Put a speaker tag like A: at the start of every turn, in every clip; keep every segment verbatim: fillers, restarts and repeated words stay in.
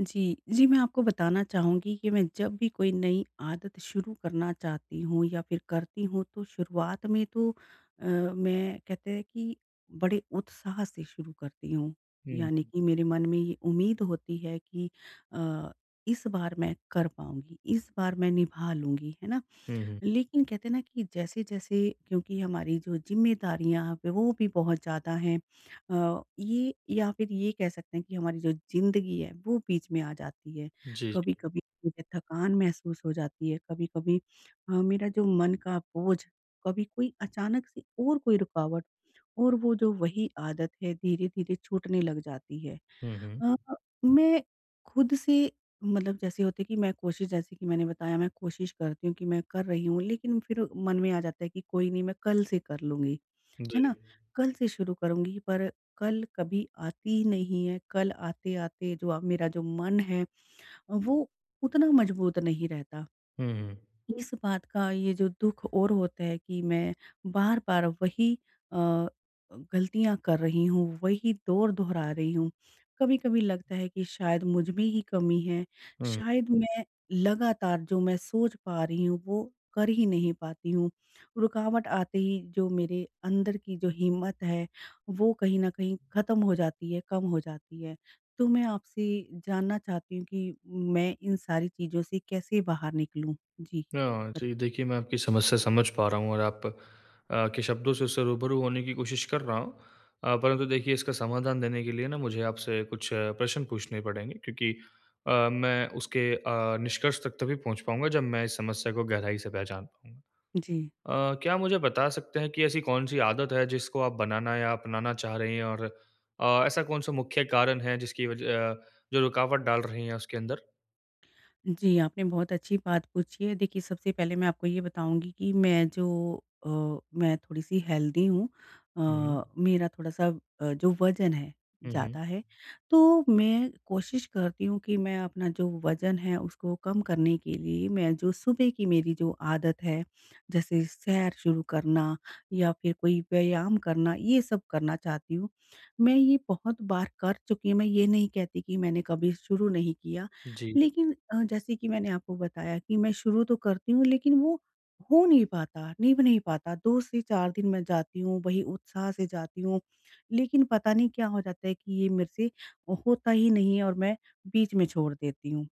A: जी। जी मैं आपको बताना चाहूँगी कि मैं जब भी कोई नई आदत शुरू करना चाहती हूँ या फिर करती हूँ तो शुरुआत में तो अ, मैं कहते हैं कि बड़े उत्साह से शुरू करती हूँ। यानी
B: हुँ।
A: कि मेरे मन में ये उम्मीद होती है कि अ, इस बार मैं कर पाऊँगी इस बार मैं निभा लूँगी। है ना?
B: हुँ, हुँ।
A: लेकिन कहते हैं ना कि जैसे-जैसे क्योंकि हमारी जो ज़िम्मेदारियाँ अब है वो भी बहुत ज़्यादा हैं। अ, ये या फिर ये कह सकते हैं कि हमारी जो ज़िंदगी है वो बीच में आ जाती है।
B: जी, जी।
A: कभी-कभी मुझे थकान महसूस हो जाती है। कभी-कभी अ, मेरा जो मन का बोझ। कभी कोई अचानक से और कोई रुकावट और वो जो वही आदत है धीरे-धीरे छूटने लग जाती है।
B: हुँ, हुँ।
A: अ, मैं खुद से मतलब जैसे होते है कि मैं कोशिश जैसे कि मैंने बताया मैं कोशिश करती हूँ कि मैं कर रही हूँ। लेकिन फिर मन में आ जाता है कि कोई नहीं मैं कल से कर लूँगी, है
B: जी।
A: ना? कल से शुरू करुँगी पर कल कभी आती ही नहीं है। कल आते-आते जो हुआ मेरा जो मन है वो उतना मजबूत नहीं रहता।
B: हुँ, हुँ।
A: इस बात का ये जो दुःख और होता है कि मैं बार-बार अब वही अ, गलतियाँ कर रही हूँ, वही दौर दोहरा रही हूँ। कभी-कभी लगता है कि शायद मुझमे ही कमी है।
B: हुँ।
A: शायद मैं लगातार जो मैं सोच पा रही हूँ वो कर ही नहीं पाती हूँ। रुकावट आते ही जो मेरे अंदर की जो हिम्मत है वो कहीं न कहीं ख़त्म हो जाती है, कम हो जाती है। तो मैं आपसे जानना चाहती हूँ कि मैं इन सारी चीज़ों से कैसे बाहर निकलूँ। जी,
B: हाँ,
A: बता
B: जी देखिए मैं आपकी समस्या समझ पा रहा हूँ। और आप अ, के शब्दों से उससे रूबरू होने की कोशिश कर रहा हूँ। अ, परंतु देखिए इसका समाधान देने के लिए ना मुझे आपसे कुछ प्रश्न पूछने पड़ेंगे क्योंकि अ, मैं उसके अ, निष्कर्ष तक तभी पहुँच पाऊँगा जब मैं इस समस्या को गहराई से पहचान पाऊँगा।
A: जी।
B: अ, क्या आप मुझे बता सकते हैं कि ऐसी कौन-सी आदत है जिसको आप बनाना या अपनाना चाह रही हैं? और अ, ऐसा कौन-सा मुख्य कारण है जिसकी वजह अ, जो रुकावट डाल रही है उसके अंदर?
A: जी, आपने बहुत अच्छी बात पूछी है देखिए, सबसे पहले मैं आपको ये बताऊँगी कि मैं जो अ, मैं थोड़ी-सी हेल्दी हूँ
B: हुँ।
A: अ, मेरा थोड़ा-सा अ, जो वजन है
B: हुँ,
A: ज़्यादा
B: हुँ।
A: है, तो मैं कोशिश करती हूँ कि मैं अपना जो वजन है उसको कम करने के लिए मैं जो सुबह की मेरी जो आदत है, जैसे सैर शुरू करना या फिर कोई व्यायाम करना ये सब करना चाहती हूँ। मैं ये बहुत बार कर चुकी हूँ मैं ये नहीं कहती कि मैंने कभी शुरू नहीं किया
B: जी।
A: लेकिन अ, जैसे कि मैंने आपको बताया कि मैं शुरू तो करती हूँ लेकिन वो हो नहीं पाता, निभ नहीं पाता दो से चार दिन मैं जाती हूँ वही उत्साह से जाती हूँ, लेकिन पता नहीं क्या हो जाता है कि ये मेरे से होता ही नहीं है और मैं बीच में छोड़ देती हूँ।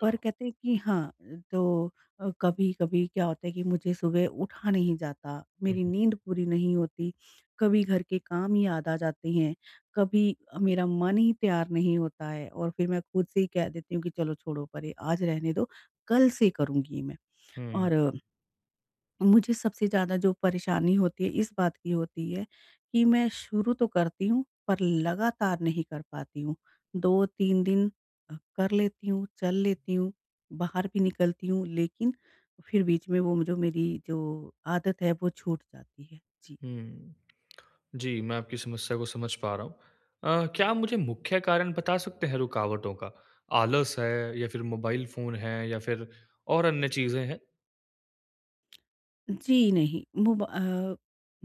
A: पर कहते हैं कि हाँ, तो अ, कभी-कभी क्या होता है कि मुझे सुबह उठा नहीं जाता,
B: हुँ,
A: मेरी
B: हुँ।
A: नींद पूरी नहीं होती, कभी घर के काम ही याद आ जाते हैं, कभी मेरा मन ही तैयार नहीं होता है और फिर मैं खुद से ही कह देती हूँ कि चलो छोड़ो परे आज रहने दो कल से करूँगी मैं
B: हुँ।
A: और मुझे सबसे ज़्यादा जो परेशानी होती है इस बात की होती है कि मैं शुरू तो करती हूँ पर लगातार नहीं कर पाती हूँ। दो तीन अ, दिन कर लेती हूँ, चल लेती हूँ, बाहर भी निकलती हूँ लेकिन फिर बीच में वो म जो मेरी जो आदत है वो छूट जाती है। जी।
B: हुँ। जी, मैं आपकी समस्या को समझ पा रहा हूँ। अ, क्या आप मुझे मुख्य कारण बता सकते हैं रुकावटों का? आलस है या फिर मोबाइल फोन है या फिर और अन्य चीज़ें है?
A: जी, नहीं मोब अ,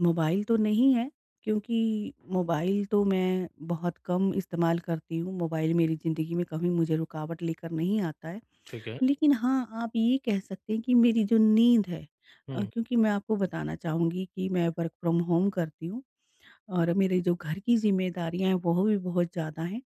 A: मोबाइल तो नहीं है क्योंकि मोबाइल तो मैं बहुत कम इस्तेमाल करती हूँ। मोबाइल मेरी ज़िंदगी में कभी मुझे रुकावट लेकर नहीं आता है।
B: ठीक है।
A: लेकिन हाँ, आप ये कह सकते हैं कि मेरी जो नींद है अ,
B: हुँ।
A: क्योंकि मैं आपको बताना चाहूँगी कि मैं वर्क़ फ्रॉम होम करती हूँ और मेरे जो घर की ज़िम्मेदारियाँ हैं वो भी बहुत ज़्यादा हैं।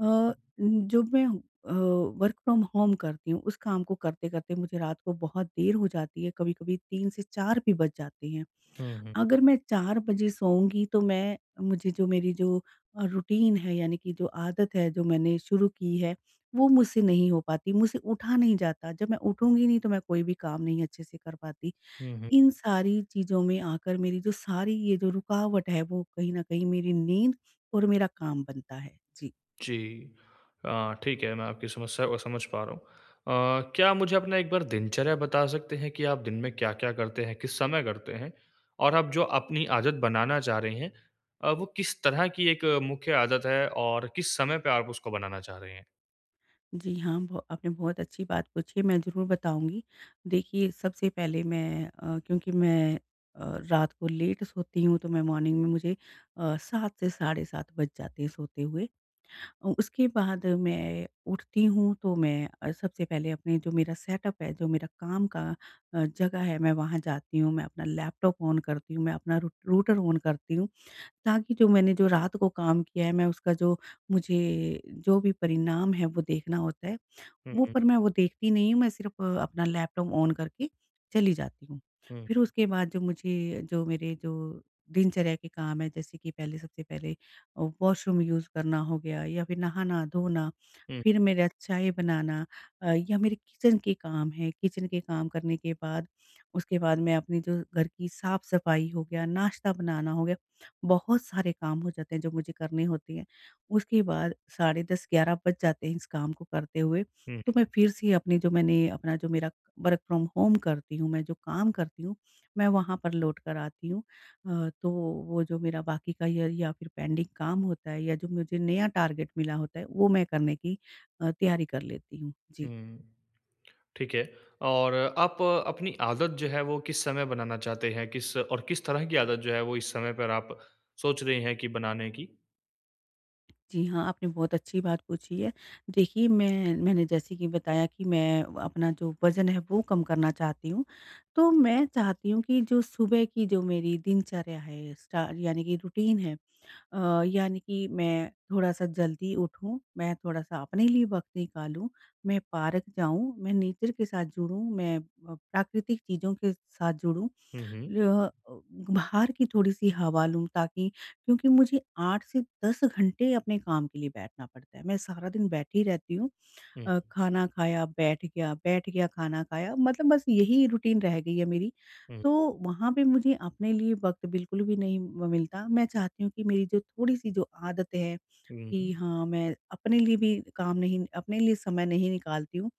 A: अ, जब मैं अ, वर्क़ फ्रॉम होम करती हूँ उस काम को करते-करते मुझे रात को बहुत देर हो जाती है, कभी-कभी तीन से चार भी बज जाते हैं।
B: हुँ, हुँ।
A: अगर मैं चार बजे सोऊँगी तो मैं मुझे जो मेरी जो अ, रूटीन है यानी कि जो आदत है, जो मैंने शुरू की है वो मुझसे नहीं हो पाती। मुझसे उठा नहीं जाता, जब मैं उठूँगी नहीं तो मैं कोई भी काम नहीं अच्छे से कर पाती।
B: हुँ, हुँ।
A: इन सारी चीज़ों में आकर मेरी जो सारी ये जो रुकावट है वो कहीं न कहीं मेरी नींद और मेरा काम बनता है। जी।
B: जी। अ, ठीक है मैं आपकी समस्या को समझ पा रहा हूँ। अ, क्या आप मुझे अपना एक बार दिनचर्या बता सकते हैं कि आप दिन में क्या-क्या करते हैं, किस समय करते हैं? और अब जो अपनी आदत बनाना चाह रहे हैं, अ, वो किस तरह की एक मुख्य आदत है और किस समय पे आप उसको बनाना चाह रहे हैं?
A: जी हाँ, ब आपने बहुत अच्छी बात पूछी है मैं ज़रूर बताऊँगी। देखिए सबसे पहले मैं अ, क्योंकि मैं अ, रात को लेट सोती हूँ तो मैं मॉर्निंग में मुझे अ, सात से साढ़े सात बज जाते हैं सोते हुए। उसके बाद मैं उठती हूँ तो मैं अ, सबसे पहले अपने जो मेरा सेटअप है जो मेरा काम का अ, जगह है मैं वहाँ जाती हूँ मैं अपना लैपटॉप ऑन करती हूँ मैं अपना रूट रूटर ऑन करती हूँ ताकि जो मैंने जो रात को काम किया है मैं उसका जो मुझे, जो भी परिणाम है वो देखना होता है।
B: हुँ,
A: वो
B: हुँ।
A: पर मैं वो देखती नहीं हूँ मैं सिर्फ़ अपना लैपटॉप ऑन करके चली जाती हूँ।
B: हुँ।
A: फिर उसके बाद जो मुझे जो मेरी जो दिनचर्या के काम हैं जैसे कि पहले सबसे पहले वॉशरूम यूज़ करना हो गया या फिर नहाना धोना
B: हुँ।
A: फिर मेरा चाय बनाना अ, या मेरे किचन के काम हैं, किचन के काम करने के बाद उसके बाद मैं अपने जो घर की साफ़-सफ़ाई हो गया नाश्ता बनाना हो गया बहुत सारे काम हो जाते हैं जो मुझे करने होते हैं। उसके बाद साढ़े दस ग्यारह बज जाते हैं इस काम को करते हुए,
B: हुँ, हुँ।
A: तो मैं फिर से अपनी जो मैंने अपना जो मेरा वर्क फ्रॉम होम करती हूँ मैं जो काम करती हूँ मैं वहाँ पर लौट कर आती हूँ अ, तो वो जो मेरा बाकी का या या फिर पेंडिंग काम होता है या जो मुझे नया टारगेट मिला होता है वो मैं करने की अ, तैयारी कर लेती हूँ। जी।
B: हुँ, ठीक है। और आप अपनी आदत जो है वो किस समय बनाना चाहते हैं? किस और किस तरह की आदत जो है वो इस समय पर आप सोच रहे हैं कि बनाने की?
A: जी हाँ, आपने बहुत अच्छी बात पूछी है। देखिए मैं मैंने जैसे कि बताया कि मैं अपना जो वजन है वो कम करना चाहती हूँ। तो मैं चाहती हूँ कि जो सुबह की जो मेरी दिनचर्या है स्टा यानी कि रूटीन है अ, यानी कि मैं थोड़ा-सा जल्दी उठूँ। मैं थोड़ा-सा अपने लिए वक़्त निकालूँ मैं पार्क जाऊँ मैं नेचर के साथ जुड़ूँ मैं अ, प्राकृतिक चीज़ों के साथ जुड़ूँ
B: हुँ, हुँ।
A: रेह बाहर की थोड़ी-सी हवा लूँ ताकि क्योंकि मुझे आठ से दस घंटे अपने काम के लिए बैठना पडता है, मैं सारा दिन बैठी रहती हूँ।
B: हुँ।
A: अ, खाना खाया बैठ गया, बैठ गया खाना खाया मतलब बस यही रूटीन रह गई है मेरी।
B: हुँ।
A: तो वहाँ पे मुझे अपने लिए वक्त बिल्कुल भी नहीं म मिलता। मैं चाहती हूँ कि मेरी जो थोड़ी-सी जो आदतें हैं
B: हुँ,
A: कि
B: हुँ।
A: हाँ मैं अपने लिए भी काम नहीं अपने लिए समय नहीं निकालती हूँ।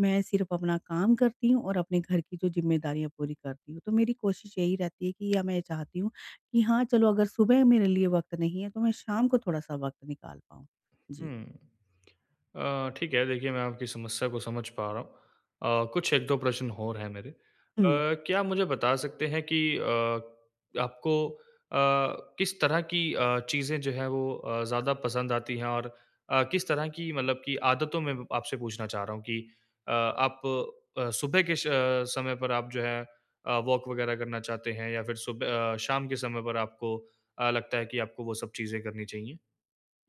A: मैं सिर्फ़ अपना काम करती हूँ और अपने घर की जो जिम्मेदारियाँ पूरी करती हूँ। तो मेरी कोशिश यही रहती है कि या मैं चाहती हूँ कि हाँ चलो अगर सुबह मेरे लिए वक्त नहीं है तो मैं शाम को थोड़ा-सा वक्त निकाल पाऊँ। जी।
B: हुँ। अ, ठीक है, देखिए मैं आपकी समस्या को समझ पा रहा हूँ। अ, कुछ एक दो प्रश्न और है मेरे। अ,
A: हुँ।
B: क्या आप मुझे बता सकते हैं कि अ, आपको अ, किस तरह की अ, चीज़ें जो है वो अ, ज्यादा पसंद आती हैं? और किस तरह की मतलब की आदतों में आपसे पूछना चाह रहा हूँ कि अ, आप अ, सुबह के स समय पर आप जो है अ, वॉक वग़ैरह करना चाहते हैं? या फिर सुब शाम के समय पर आपको लगता है कि आपको वो सब चीजें करनी चाहिए?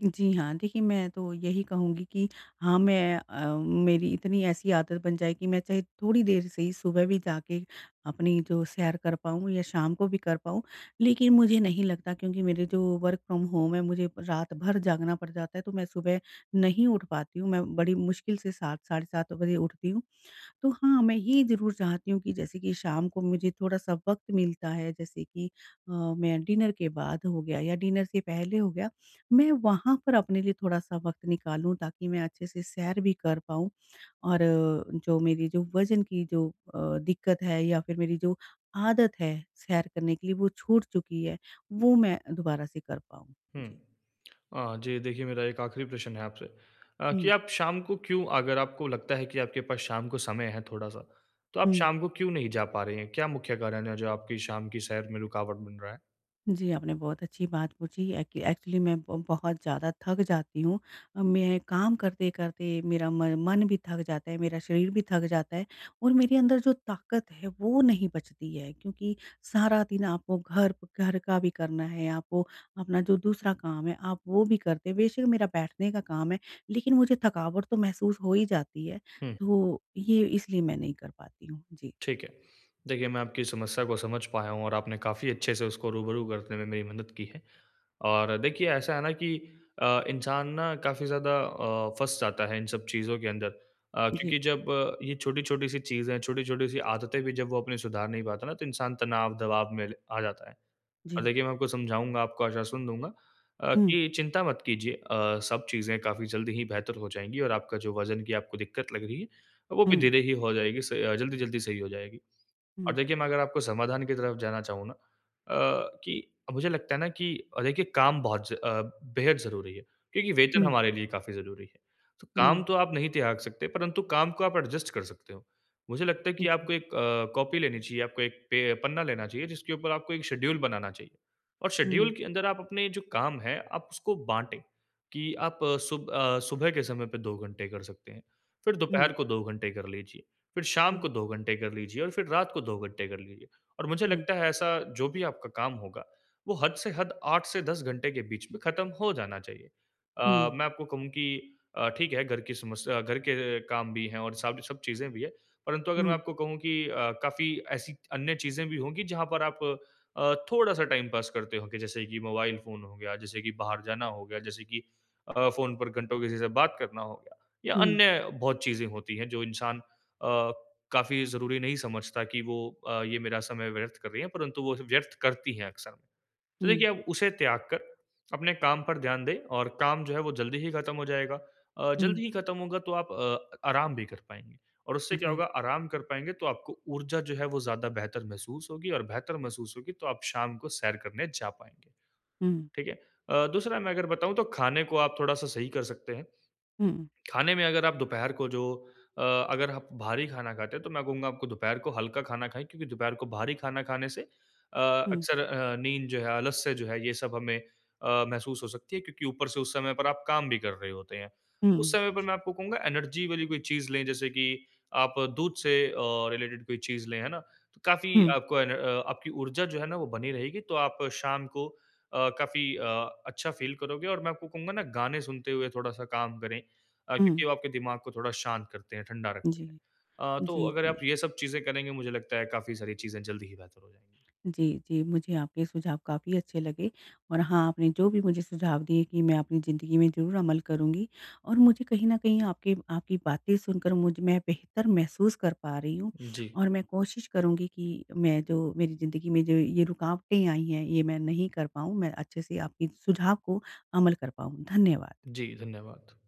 A: जी हाँ, देखिए, मैं तो यही कहूँगी कि हाँ, मैं अ, मेरी इतनी ऐसी आदत बन जाए कि मैं चाहे थोड़ी देर से ही सुबह भी जाके अपनी जो सैर कर पाऊँ या शाम को भी कर पाऊँ, लेकिन मुझे नहीं लगता क्योंकि मेरे जो वर्क़ फ्रॉम होम है, मुझे रात भर जागना पड़ जाता है, तो मैं सुबह नहीं उठ पाती हूँ, मैं बड़ी मुश्किल से सात साढ़े सात बजे उठती हूँ। तो हाँ, मैं ये ज़रूर चाहती हूँ कि जैसे कि शाम को मुझे थोड़ा-सा वक़्त मिलता है, जैसे कि अ, मैं डिनर के बाद हो गया या डिनर से पहले हो गया, मैं वहाँ पर अपने लिए थोड़ा-सा वक़्त निकालूँ ताकि मैं अच्छे-से सैर भी कर पाऊँ और जो मेरी जो वज़न की जो अ, दिक्कत है या फिर मेरी जो आदत है, सैर करने के लिए वो छूट चुकी है, वो मैं दोबारा से कर पाऊँ।
B: हुँ।
A: जी।
B: अ, जी, देखिए मेरा एक आख़िरी प्रश्न है आपसे। अ, कि
A: हुँ।
B: आप शाम को क्यों अगर आपको लगता है कि आपके पास शाम को समय है थोड़ा-सा, तो आप
A: हुँ।
B: शाम को क्यों नहीं जा पा रहे हैं? क्या मुख्य कारण है जो आपकी शाम की सैर में रुकावट बन रहा है?
A: जी, आपने बहुत अच्छी बात पूछी है कि एक्चुअली मैं ब बहुत ज़्यादा थक जाती हूँ, मैं काम करते-करते मेरा म मन भी थक जाता है, मेरा शरीर भी थक जाता है और मेरे अंदर जो ताकत है वो नहीं बचती है। क्योंकि सारा दिन आपको घर प घर का भी करना है, आपको अपना जो दूसरा काम है आप वो भी करते हैं, बेशक मेरा बैठने का काम है, लेकिन मुझे थकावट तो महसूस हो ही जाती है,
B: हुँ।
A: तो ये इसलिए मैं नहीं कर पाती हूँ। जी।
B: ठीक है। देखिए, मैं आपकी समस्या को समझ पाया हूँ और आपने काफ़ी अच्छे से उसको रूबरू करने में मेरी मदद की है। और देखिए, ऐसा है ना कि अ, इंसान ना काफ़ी ज़्यादा अ, फँस जाता है इन सब चीज़ों के अंदर। अ,
A: जी।
B: क्योंकि जब अ, ये छोटी-छोटी सी चीज़ें, छोटी-छोटी सी आदतें भी जब वो अपने सुधार नहीं पाता ना, तो इंसान तनाव, दबाव में ल आ जाता है। और
A: जी।
B: देखिए, मैं आपको समझाऊँगा, आपको आश्वासन दूँगा अ,
A: हुँ।
B: कि चिंता मत कीजिए अ, सब चीज़ें काफ़ी जल्दी ही बेहतर हो जाएँगी और आपका जो वज़न की आपको दिक्कत लग रही है अ, वो भी
A: हुँ।
B: धीरे ही हो जाएगी स जल्दी-जल्दी सही हो जाएगी। अब
A: हुँ।
B: देखिए मैं अगर आपको समाधान की तरफ़ जाना चाहूँ ना अ, कि मुझे लगता है ना कि, अ, देखिए काम बहुत ज अ, बेहद ज़रूरी है, क्योंकि वेतन
A: हुँ।
B: हमारे लिए काफ़ी ज़रूरी है। तो काम
A: हुँ।
B: तो आप नहीं त्याग सकते परंतु काम को आप एडजस्ट कर सकते हो। मुझे लगता है
A: उ,
B: कि
A: जी।
B: आपको एक अ, कॉपी लेनी चाहिए, आपको एक पे पन्ना लेना चाहिए, जिसके ऊपर आपको एक शेड्यूल बनाना चाहिए। और शेड्यूल
A: हुँ।
B: के अंदर आप अपने जो काम हैं, आप उसको बाँटे कि आप अ, सुब अ, सुबह के समय पे दो घंटे कर सकते हैं, फिर
A: हुँ।
B: दोपहर को दो घंटे कर लीजिए, फिर शाम को
A: हुँ।
B: दो घंटे कर लीजिए और फिर रात को दो घंटे कर लीजिए। और मुझे
A: हुँ।
B: लगता है ऐसा जो भी आपका काम होगा, वो हद से हद आठ से दस घंटे के बीच में ख़त्म हो जाना चाहिए। अ,
A: हुँ।
B: मैं आपको कहूँ कि अ, ठीक है घर की समस्या घर के काम भी है और साथ में सब चीज़ें भी हैं, परन्तु अगर मैं
A: हुँ।
B: आपको कहूँ कि अ, काफ़ी ऐसी अन्य चीज़ें भी होंगी, जहाँ पर आप अ, थोड़ा-सा टाइम पास करते होंगे, जैसे कि मोबाइल फ़ोन हो गया, जैसे कि बाहर जाना हो गया, जैसे कि अ, फ़ोन पर घंटो किसी से बात करना हो गया। या
A: हुँ।
B: अन्य बहुत चीज़ें होती हैं जो इंसान अ, काफ़ी ज़रूरी नहीं समझता कि वो अ, ये मेरा समय व्यर्थ कर रही हैं, परंतु वो सब व्यर्थ करती है अक्सर। तो देखिए,
A: हुँ।
B: आप उसे त्याग कर अपने काम पर ध्यान दें और काम जो है वो जल्दी ही ख़त्म हो जाएगा अ,
A: हुँ।
B: जल्दी ही ख़त्म होगा तो आप अ, आराम भी कर पाएँगीं। और उससे क्या
A: जी।
B: होगा आराम कर पाएँगे तो आपको ऊर्जा जो है वो ज़्यादा बेहतर महसूस होगी और बेहतर महसूस होगी तो आप शाम को सैर करने जा पाएँगे,
A: हुँ।
B: ठीक है? अ, दूसरा मैं अगर बताऊँ तो खाने को आप थोड़ा-सा सही कर सकते हैं,
A: हुँ।
B: खाने में अगर आप दोपहर को जो अ, अगर आप भारी खाना खाते हैं, तो मैं कहूँगा आपको दोपहर को हल्का खाना खाएँ क्योंकि दोपहर को भारी खाना खाने से अ,
A: हुँ।
B: अक्सर अ, नींद जो है, आलस्य जो है ये सब हमें अ, महसूस हो सकती है, क्योंकि ऊपर से उस समय पर आप काम भी कर रहे होते हैं।
A: हुँ,
B: उस समय पे
A: जी।
B: मैं आपको कहूँगा एनर्जी वाली कोई चीज़ लें जैसे कि आप दूध से अ, रिलेटेड कोई चीज़ लें, है ना? तो काफ़ी
A: हुँ।
B: आपको एनर आपकी ऊर्जा जो है ना, वो बनी रहेगी। तो आप शाम को अ, काफ़ी अ, अच्छा फ़ील करोगे और मैं आपको कहूँगा ना गाने सुनते हुए थोड़ा-सा काम करें। अ,
A: हुँ।
B: क्योंकि वो आपके दिमाग को थोड़ा शांत करते हैं, ठंडा रखते हैं।
A: जी।
B: अ, तो
A: जी,
B: अगर आप
A: जी।
B: ये सब चीज़ें करेंगे, मुझे लगता है काफ़ी सारी चीज़ें जल्दी ही बेहतर हो जाएँगी।
A: जी, जी। मुझे आपके सुझाव काफ़ी अच्छे लगे और हाँ, आपने जो भी मुझे सुझाव दिए कि मैं अपनी ज़िंदगी में ज़रूर अमल करूँगी। और मुझे कहीं न कहीं आपके आपकी बातें सुनकर मुझे में मैं बेहतर महसूस कर पा रही हूँ
B: जी।
A: और मैं कोशिश करुँगी कि मैं जो मेरी ज़िंदगी में जो ये रुकावटें आई हैं ये मैं नहीं कर पाऊँ, मैं अच्छे से आपके सुझाव को अमल कर पाऊँ, धन्यवाद।
B: जी, धन्यवाद।